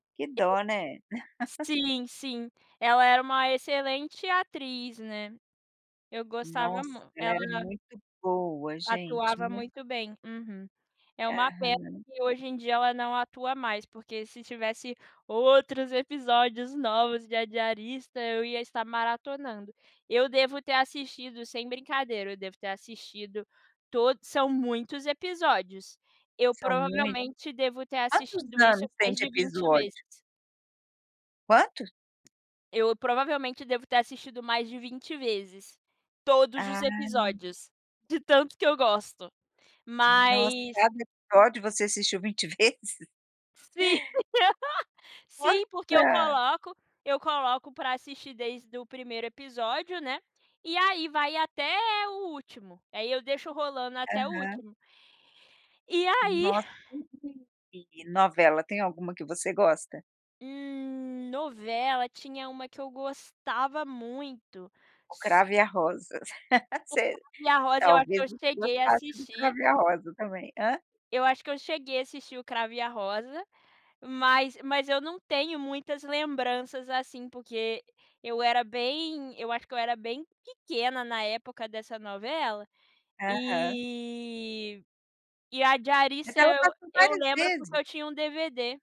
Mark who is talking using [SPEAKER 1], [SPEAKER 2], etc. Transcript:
[SPEAKER 1] Que dó, né.
[SPEAKER 2] [unintelligible] Sim, sim. Ela era uma excelente atriz, né. Eu gostava
[SPEAKER 1] Nossa,
[SPEAKER 2] mu
[SPEAKER 1] ela era
[SPEAKER 2] ela
[SPEAKER 1] muito boa, gente,
[SPEAKER 2] atuava
[SPEAKER 1] mui
[SPEAKER 2] muito bem. Uhum. É uma pena
[SPEAKER 1] Aham.
[SPEAKER 2] que, hoje em dia, ela não atua mais, porque se tivesse outros episódios novos de A Diarista eu ia estar maratonando. Eu devo ter assistido, sem brincadeira, eu devo ter assistido to são muitos episódios. Eu,
[SPEAKER 1] São mui
[SPEAKER 2] provavelmente, devo ter
[SPEAKER 1] Quantos
[SPEAKER 2] assistido isso
[SPEAKER 1] anos tem
[SPEAKER 2] mais
[SPEAKER 1] de
[SPEAKER 2] de 20 vezes.
[SPEAKER 1] episódio? Quantos?
[SPEAKER 2] Eu, provavelmente, devo ter assistido mais de 20 vezes todos os
[SPEAKER 1] Ah.
[SPEAKER 2] episódios, de tanto que eu gosto.
[SPEAKER 1] Nossa,
[SPEAKER 2] Mas
[SPEAKER 1] cada episódio você assistiu 20 vezes?
[SPEAKER 2] Sim. Sim, porque eu
[SPEAKER 1] Nossa!
[SPEAKER 2] coloco eu coloco para assistir desde o 1º episódio, né. E aí, vai até o último. Aí eu deixo rolando até o
[SPEAKER 1] Aham.
[SPEAKER 2] último. E aí
[SPEAKER 1] Nossa. [unintelligible] E novela, tem alguma que você gosta?
[SPEAKER 2] Hum... Novela, tinha uma que eu gostava muito,
[SPEAKER 1] O
[SPEAKER 2] s
[SPEAKER 1] Cravo e a Rosa.
[SPEAKER 2] O
[SPEAKER 1] Se
[SPEAKER 2] Cravo e a Rosa eu acho que
[SPEAKER 1] talvez
[SPEAKER 2] eu
[SPEAKER 1] você
[SPEAKER 2] cheguei a
[SPEAKER 1] gostasse de O
[SPEAKER 2] assistir.
[SPEAKER 1] Cravo e a Rosa também. Hã?
[SPEAKER 2] Eu acho que eu cheguei a assistir O Cravo e a Rosa, mas mas eu não tenho muitas lembranças assim, porque eu era bem eu acho que eu era bem pequena na época dessa novela.
[SPEAKER 1] Aham.
[SPEAKER 2] E e A
[SPEAKER 1] Mas
[SPEAKER 2] Diarista
[SPEAKER 1] ela
[SPEAKER 2] eu
[SPEAKER 1] passou
[SPEAKER 2] eu
[SPEAKER 1] várias
[SPEAKER 2] lembro,
[SPEAKER 1] vezes.
[SPEAKER 2] porque eu tinha um DVD.